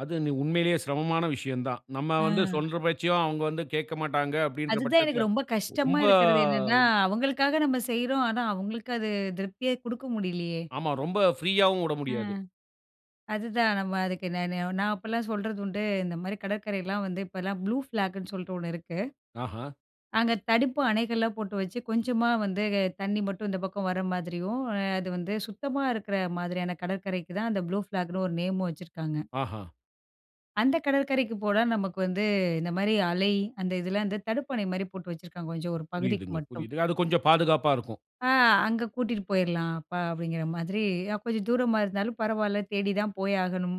அது நு உண்மையிலேயே சிரமமான விஷயம் தான். நம்ம வந்து அ. சொல்ற பேச்சையும் அவுங்க வந்து கேக்க மாட்டாங்க, அப்டின்ற அதுதான் எனக்கு பட்சத்தில ரொம்ப கஷ்டமா ரொம்ப இருக்கறது என்னன்னா, அவங்களுக்காக நம்ம செய்றோம், ஆனா அவங்களுக்கு அது திருப்தியே குடுக்க முடியலையே. ஆமா, ரொம்ப ப்ரீயாவும் உட அ. முடியாது. அதுதான் நம்ம அதுக்கு நான் நான் அப்போலாம் சொல்றது உண்டு. இந்த மாரி கடற்கரைலாம் வந்து இப்போலாம் ப்ளூ ஃப்ளாக்னு சொல்ட்டு ஒண்ணு இருக்கு. ஆஹ. அங்க தடுப்பு அணைகள்லாம் போட்டு வச்சு கொஞ்சமா வந்து, தண்ணி மட்டும் இந்த பக்கம் வர மாதிரியும் அது வந்து, சுத்தமா இருக்கற மாதிரியான கடற்கரைக்கு தான் அந்த ப்ளூ ஃப்ளாக்னு ஒரு நேமும் வச்சுருக்காங்க. ஆஹ. அந்த கடற்கரைக்கு போனா நமக்கு வந்து இந்த மாரி அலை, அந்த இதில வந்து தடுப்பணை மாரி போட்டு வச்சுருக்காங்க. கொஞ்சம் ஒரு பகுதிக்கு புரியிதுங்க, மட்டும். புரியிது. அது கொஞ்சம் பாதுகாப்பா இருக்கும். ஆ அங்க கூட்டிட்டு போயிரலாம் அப்ப அப்டிங்கிற மாதிரி, கொஞ்சம் தூரமா இருந்தாலும் பரவால்ல, தேடி தான் போய் ஆகணும்.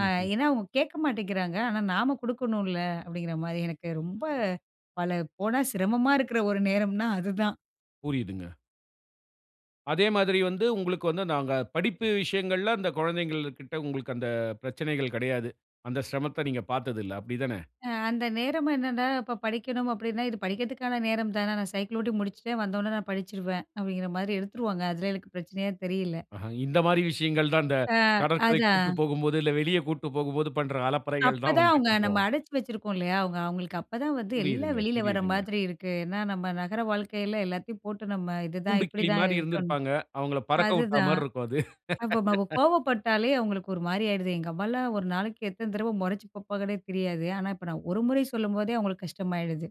ஆ ம். ஏன்னா, அவங்க கேட்க மாட்டேங்கிறாங்க ஆனா நாம குடுக்கணுல்ல, அப்டிங்கிற மாரி எனக்கு ரொம்ப பல போனா சிரமமா இருக்கற ஒரு நேரம்னா அதுதான். புரியிதுங்க. அதே மாதிரி வந்து உங்களுக்கு வந்து நாங்க படிப்பு விஷயங்கள்ல அந்த கொழந்தைங்கள்கிட்ட உங்களுக்கு அந்த பிரச்சனைகள் கடையாது. அந்த சிரமத்த நீங்க பார்த்ததில்ல அப்டி தானே? அ அந்த நேரம் என்னன்னா, இப்ப படிக்கணும் அப்டின்னா, இது படிக்கிறதுக்கான நேரம் தானே நான் சைக்கிள் ஓட்டி முடிச்சுட்டேன் வந்தவுடனே நான் படிச்சிருவேன் அப்டிங்கிற மாரி எடுத்துருவாங்க. அதில எனக்கு பிரச்சனையே தெரியல. அஹ, இந்த மாரி விஷயங்கள் தான் இந்த ஆ கடற்கரைக்கு அதான். கூட்டு போகும்போது, இல்ல வெளிய கூட்டு போகும்போது பண்ற அலப்பறைகள் அப்ப தான் தான் வந்து அவங்க நம்ம கொஞ்சம். அடைச்சி வச்சிருக்கோம் இல்லையா? அவங்க அவங்களுக்கு அப்பதான் வந்து எல்லாம் புரியிதுங்க, வெளில வர்ற புரியிதுங்க. மாதிரி இருக்கு. ஏன்னா, நம்ம நகர வாழ்க்கையில எல்லாத்தையும் போட்டு நம்ம, இதுதான் கூண்டு கிளி இப்டிதான் மாரி இருக்கணும் இருந்திருப்பாங்க. அவங்கள பறக்க உட்டா அதுதான். மார் இருக்கும் அது. அப்ப நம்ம கோவப்பட்டாலே அவங்களுக்கு ஒரு மாரி ஆயிடுது. எங்க அம்மாலாம் 1 நாளைக்கு எத்தனை தரவ மொறைச்சி பார்ப்பாங்கன்னே தெரியாது. ஆனா இப்ப நான் 1 முறை சொல்லும்போதே அவங்களுக்கு கஷ்டமாயிடுது.